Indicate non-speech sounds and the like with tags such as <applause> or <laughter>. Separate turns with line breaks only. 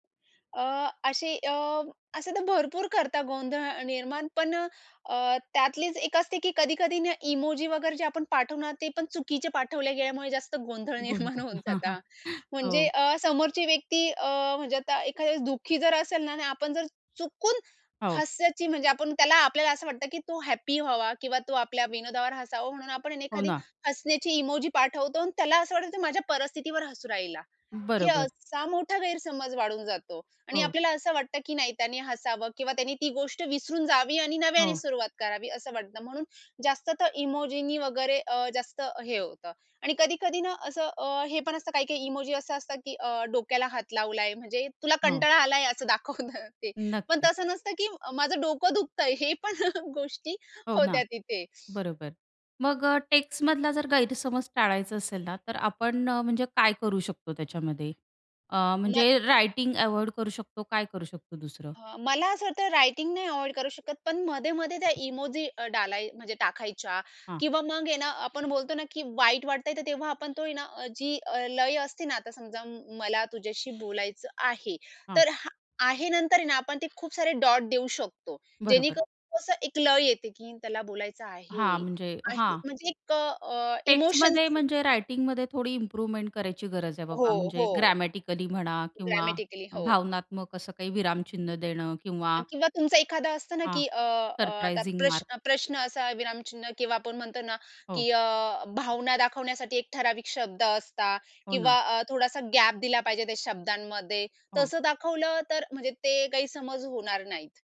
अ, असे अ, असे तर भरपूर करतात गोंधळ निर्माण पण अ, अ, त्यातलीच एक असते, की कधी-कधी ना इमोजी वगैरे जे आपण पाठवणार ते पण चुकीचे पाठवले गेल्यामुळे जास्त गोंधळ निर्माण
गोल-गोल.
होऊन
हां, हां.
जातात.
<chuckles>
म्हणजे
हो.
अ, समोरची व्यक्ती अ, म्हणजे आता एखाद्या दुःखी जर असेल ना आणि आपण जर चुकून
हो.
हस्याची म्हणजे आपण त्याला आपल्याला असं वाटतं, की तो हॅपी व्हावा किंवा तो आपल्या विनोदावर हसावं म्हणून आपण आहे ना
हो
एखादी
ना.
हसण्याची इमोजी पाठवतो आणि त्याला असं वाटतं, की माझ्या परिस्थितीवर हसू राहिला. हे
बरोबर.
असा मोठा गैरसमज वाढून जातो आणि
हो.
आपल्याला असं वाटतं की नाही त्याने हसावं किंवा त्यांनी ती गोष्ट विसरून जावी आणि नव्याने
हो.
सुरुवात करावी असं वाटतं म्हणून जास्त तर इमोजीनी वगैरे अ, जास्त हे होतं. आणि कधी-कधी ना असं अ, हे पण असतं काही-काही इमोजी असं असतं, की अ, डोक्याला हात लावलाय म्हणजे तुला
हो.
कंटाळा आलाय असं दाखवतं ते. पण
नक्कीच.
तसं नसतं, की अ, माझं डोकं दुखतंय हे पण <chuckles> गोष्टी
हो ना.
होत्या तिथे.
बरोबर. मग अ, टेक्स्टमधला जर गैरसमज टाळायचा असेल ना तर आपण अ, म्हणजे काय करू शकतो त्याच्यामध्ये? अ,
ना
म्हणजे रायटिंग अव्हॉइड करू शकतो? काय करू शकतो दुसरं?
हं, मला असं वाटत रायटिंग नाही अव्हॉइड करू शकत पण मध्ये-मध्ये त्या इमोजी डालाय म्हणजे टाकायच्या,
हां.
किंवा मग आहे ना आपण बोलतो ना, की वाईट वाटतंय तर तेव्हा आपण तो आहे ना अ, जी लय असते ना आता समजा म्म मला तुझ्याशी बोलायचं आहे.
हां.
तर हां आहे नंतर आहे ना आपण ते खूप सारे डॉट देऊ शकतो
बरोबर.
जेणेकरून कसं एक लय येते, की त्याला बोलायचं
हां,
आहे.
म्हणजे
आहे
हां.
म्हणजे क अ,
टेक्स्टमध्ये
इमोशन्स
म्हणजे रायटिंगमध्ये थोडी इम्प्रूव्हमेंट करायची गरज आहे
हो,
बाबा, म्हणजे
हो.
ग्रॅमॅटिकली म्हणा किंवा
ग्रॅमॅटिकली हो.
भावनात्मक असं काही विरामचिन्ह देणं
अ,
किंवा
किंवा तुमचं एखादं असतं ना,
हां.
की अ, अ, आता
सरप्रायझिंग मार्क.
प्रश्न प्रश्न असा विरामचिन्ह किंवा आपण म्हणतो ना
हो.
की अ, भावना दाखवण्यासाठी एक ठराविक शब्द असतात,
हो ना.
किंवा अ, थोडासा गॅप दिला पाहिजे त्या शब्दांमध्ये.
हो.
तसं दाखवलं तर म्हणजे ते काही समज होणार नाहीत.